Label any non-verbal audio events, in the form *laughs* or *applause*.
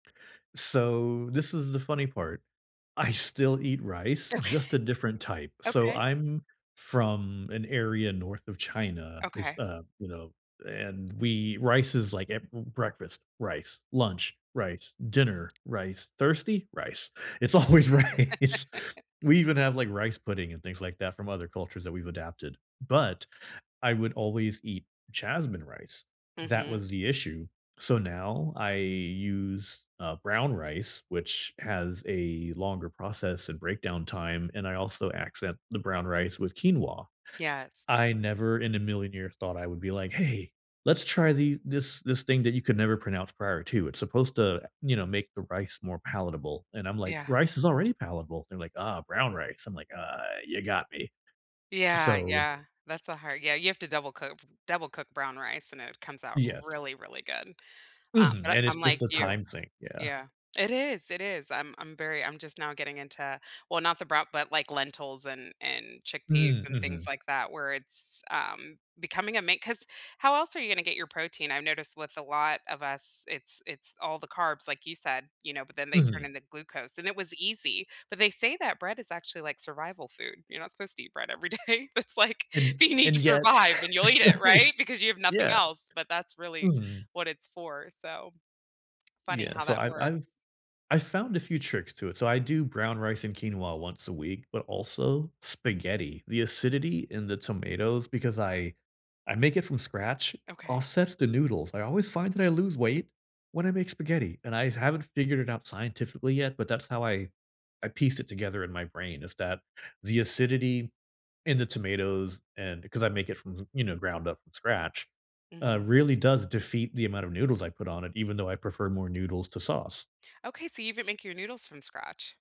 So, this is the funny part: I still eat rice, Okay. just a different type; so, Okay. I'm from an area north of China, it's Okay. a, you know, and we rice is, like, a b breakfast- rice, lunch- rice, dinner- rice, thirsty? Rice. It's always rice. *laughs* We even have, like, rice pudding and things like that from other cultures that we've adapted, but, I would always eat Jasmine rice. That Mhm. was the issue, so now, I use, uh, brown rice, which has a longer process and breakdown time, and I also accent the brown rice with quinoa. Yes. I never in a million years thought I would be like, "Hey, let's try the this this thing that you could never pronounce prior to, it's supposed to, you know, make the rice more palatable." And I'm like, Yeah. "Rice is already palatable." They're like, "Oh, brown rice." I'm like, "Ah, ya got me." Yeah, So, yeah, that's the k hard yeah, you have to double coo f double cook brown rice, and it comes out Yes. really, really good. Um, Mhm, but a and it's I'm just like a you time thing. Yeah. Yeah, it is, it is, I'm I'm very I'm just now getting into well, not the brow but, like, lentils and and chickpeas Mm, and things mhm. like that where it's, um, becoming a main 'cause how else are you gonna get your protein? I noticed with a lot of us, it's it's all the carbs, like you said, you know, but then they turn Mhm. into glucose, and it was easy, but they say that bread is actually like survival food; you're not supposed to eat bread everyday, it's like, And y do you need to and yet, survive, then you'll eat it, *chuckles* I right? Because you have nothing yeah. else, but that's really Mhm. what it's for, so. Funny Yeah, how so, that I've I've works. I found a few tricks to it, so I do brown rice and quinoa once a week, but also spaghetti; the acidity in the tomatoes Because I I make it from scratch, Okay. offsets the noodles, I always find that I lose weight when I make spaghetti, and I haven't figured it out scientifically yet, but that's how I I pieced it together in my brain is that, the acidity in the tomatoes, and 'cause I make it from th you know, ground up from scratch, uh, Mhm. really does defeat the amount of noodles I put on it, even though I prefer more noodles to sauce. Okay, so you even make your noodles from scratch.